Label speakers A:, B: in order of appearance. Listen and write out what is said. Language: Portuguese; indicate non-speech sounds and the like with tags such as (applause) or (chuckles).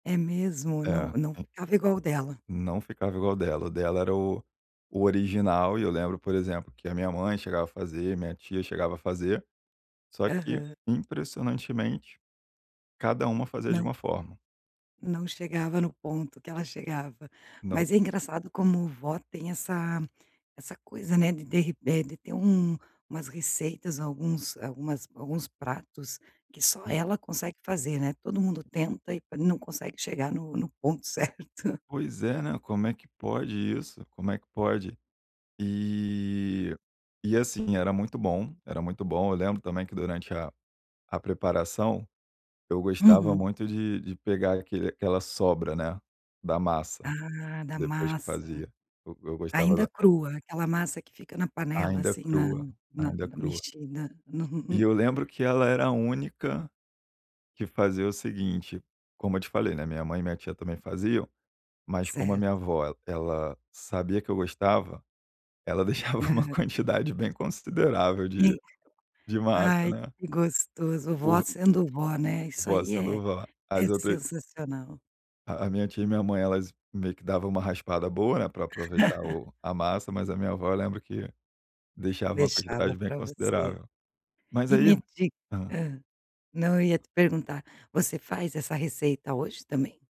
A: É mesmo? Não
B: É.
A: não
B: En
A: ficava igual o dela.
B: Não ficava igual o dela. O dela era o o original e eu lembro, por exemplo, que a minha mãe chegava a fazer, minha tia chegava a fazer, só que
A: Aham.
B: impressionantemente, cada
A: Hum,
B: uma fazia de
A: não
B: uma forma.
A: Não chegava no ponto que ela chegava.
B: Não.
A: Mas, é engraçado como vó tem essa essa coisa, né, de de re eh, de ter um umas receitas, alguns algumas alguns pratos que só
B: Uhum.
A: ela consegue fazer, né. Todo mundo tenta e não consegue chegar no no ponto certo.
B: Pois é, né, como é que pode isso? Como é que pode? E e, assim, era muito bom, era muito bom. Eu lembro, também, que durante a a preparação, eu gostava
A: Uhum.
B: muito de de pegar aquele aquela sobra, né, da massa,
A: Ah, da
B: depois que
A: massa.
B: fazia. Eu eu gostava
A: Ainda
B: da
A: crua, aquela massa que fica na panela,
B: Ainda
A: assim, na
B: crua.
A: na
B: Ainda
A: na
B: crua.
A: mexida no
B: E
A: no
B: eu lembro que ela era a única que fazia o seguinte, como eu te falei, né, minha mãe e minha tia também faziam. Mas, como a
A: Certo.
B: minha avó, ela sabia que eu gostava, ela deixava uma
A: Hã.
B: quantidade bem considerável
A: Sim.
B: de de massa,
A: Ai,
B: né.
A: que gostoso. Vó
B: Por
A: sendo vó, né. Isso
B: Vó
A: aí é
B: sendo vó.
A: é
B: As outras
A: sensacional.
B: A a minha tia e minha mãe, elas meio que dava uma raspada boa, né, pra aproveitar
A: (chuckles)
B: o a massa, mas a minha avó, eu lembro que deixava uma
A: Deixava
B: quantidade bem
A: pra você.
B: considerável. Mas
A: E
B: aí
A: me diga
B: hã.
A: hã. Não, eu ia te perguntar, você faz essa receita hoje também?